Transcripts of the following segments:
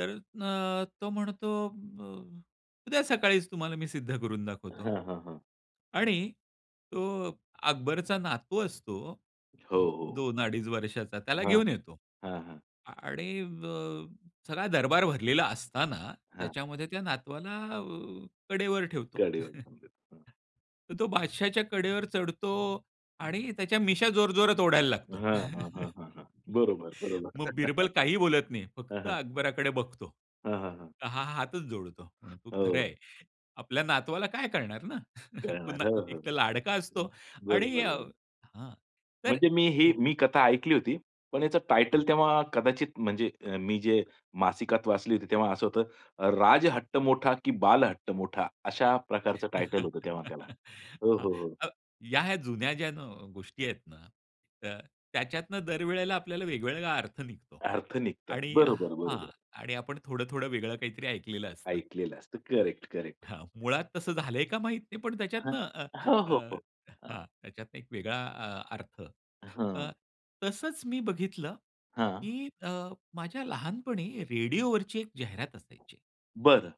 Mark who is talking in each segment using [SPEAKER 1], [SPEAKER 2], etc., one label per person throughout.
[SPEAKER 1] तर अ, तो म्हणतो अ, ब, अ, "उद्या सकाळीच तुम्हाला मी सिद्ध करून दाखवतो."
[SPEAKER 2] हां, हां, हां.
[SPEAKER 1] आणि तो अकबरचा नातू असतो,
[SPEAKER 2] हो, हो.
[SPEAKER 1] 2-2.5 वर्षाचा. त्याला
[SPEAKER 2] हां.
[SPEAKER 1] घेऊन येतो.
[SPEAKER 2] हां, हां.
[SPEAKER 1] आणि अ, सगळा दरबार भरलेला असताना
[SPEAKER 2] हां.
[SPEAKER 1] त्याच्यामध्ये त्या नातवाला अ, कडेवर ठेवतो.
[SPEAKER 2] गाडीवर ठेवून देतो हां.
[SPEAKER 1] तर तो बादशहाच्या कडेवर चढतो आणि त्याच्या मिशा जोरजोरात ओढायला लागतो.
[SPEAKER 2] हां, हां, हां, हां, हां. बरोबर, बरोबर.
[SPEAKER 1] मग बिरबल काहीही बोलत नाही.
[SPEAKER 2] हां,
[SPEAKER 1] फक्त
[SPEAKER 2] हां.
[SPEAKER 1] अकबराकडे बघतो.
[SPEAKER 2] हां, हां, हां.
[SPEAKER 1] तर हा हातच जोडतो. म्हणतो खरं
[SPEAKER 2] हो.
[SPEAKER 1] आहे. आपल्या नातवाला काय करणार ना? तू
[SPEAKER 2] कळणार.
[SPEAKER 1] ना
[SPEAKER 2] हो, हो.
[SPEAKER 1] एक तर लाडका
[SPEAKER 2] हं.
[SPEAKER 1] असतो आणि
[SPEAKER 2] बरोबर.
[SPEAKER 1] हां तर
[SPEAKER 2] म्हणजे मी ही,
[SPEAKER 1] एक
[SPEAKER 2] मी कथा ऐकली होती. पण याचं
[SPEAKER 1] [unintelligible]
[SPEAKER 2] टायटल तेव्हा कदाचित म्हणजे मी जे मासिकात वाचली होती तेव्हा असं होतं राजहट्ट मोठा की बालहट्ट मोठा अशा प्रकारचं टायटल होतं तेव्हा त्याला हो,
[SPEAKER 1] हां.
[SPEAKER 2] हो, हो.
[SPEAKER 1] अ, या जुन्या ज्या न गोष्टी आहेत ना तर त्याच्यातनं दर वेळेला आपल्याला वेगवेगळा अर्थ निघतो
[SPEAKER 2] अर्थ निघतात.
[SPEAKER 1] आणि
[SPEAKER 2] बरोबर,
[SPEAKER 1] हां
[SPEAKER 2] बरोबर.
[SPEAKER 1] आणि आपण थोडं-थोडं वेगळं काहीतरी ऐकलेलं असतं
[SPEAKER 2] ऐकलेलं असतं. Correct, correct.
[SPEAKER 1] हां. मुळात तसं झालंय का माहित नाही पण
[SPEAKER 2] हं.
[SPEAKER 1] त्याच्यातनं अ,
[SPEAKER 2] हो, हो, हो. हां.
[SPEAKER 1] हां त्याच्यात एक वेगळा अ अर्थ.
[SPEAKER 2] हं.
[SPEAKER 1] तसंच मी बघितलं की
[SPEAKER 2] हां.
[SPEAKER 1] अ, माझ्या लहानपणी रेडिओवरची एक जाहिरात असायची.
[SPEAKER 2] बरं.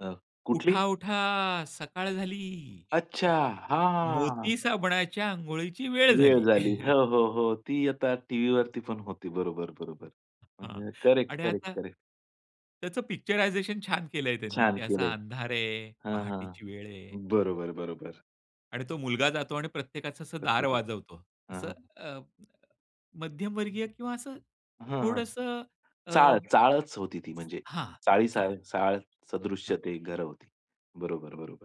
[SPEAKER 2] अ, कुठली?
[SPEAKER 1] उठा-उठा सकाळ झाली.
[SPEAKER 2] अच्छा. हां.
[SPEAKER 1] मोती साबणाच्या अंघोळीची वेळ
[SPEAKER 2] वेळ
[SPEAKER 1] झाली.
[SPEAKER 2] झाली. हो, हो, हो. ती आता टीव्हीवरती पण होती. बरोबर, बरोबर.
[SPEAKER 1] हां
[SPEAKER 2] म्हणजे करेक्ट,
[SPEAKER 1] आणि
[SPEAKER 2] करेक्ट,
[SPEAKER 1] आता
[SPEAKER 2] करेक्ट.
[SPEAKER 1] त्याचं पिक्चरायझेशन छान केलंय त्यांनी
[SPEAKER 2] छान
[SPEAKER 1] की असा
[SPEAKER 2] केलंय.
[SPEAKER 1] अंधार आहे,
[SPEAKER 2] हां,
[SPEAKER 1] पहाटेची
[SPEAKER 2] हां.
[SPEAKER 1] वेळ आहे.
[SPEAKER 2] बरोबर, बरोबर.
[SPEAKER 1] आणि तो मुलगा जातो आणि प्रत्येकाचं असं दार
[SPEAKER 2] अगदी.
[SPEAKER 1] वाजवतो
[SPEAKER 2] हां,
[SPEAKER 1] असं
[SPEAKER 2] हां.
[SPEAKER 1] अ, मध्यमवर्गीय किंवा असं
[SPEAKER 2] हां, हां.
[SPEAKER 1] थोडसं अ,
[SPEAKER 2] चाळ, चाळच होती ती म्हणजे.
[SPEAKER 1] हां.
[SPEAKER 2] चाळीचा
[SPEAKER 1] चाळ.
[SPEAKER 2] चाळ
[SPEAKER 1] हां.
[SPEAKER 2] सदृश्य ते घरं होती. बरोबर, बरोबर.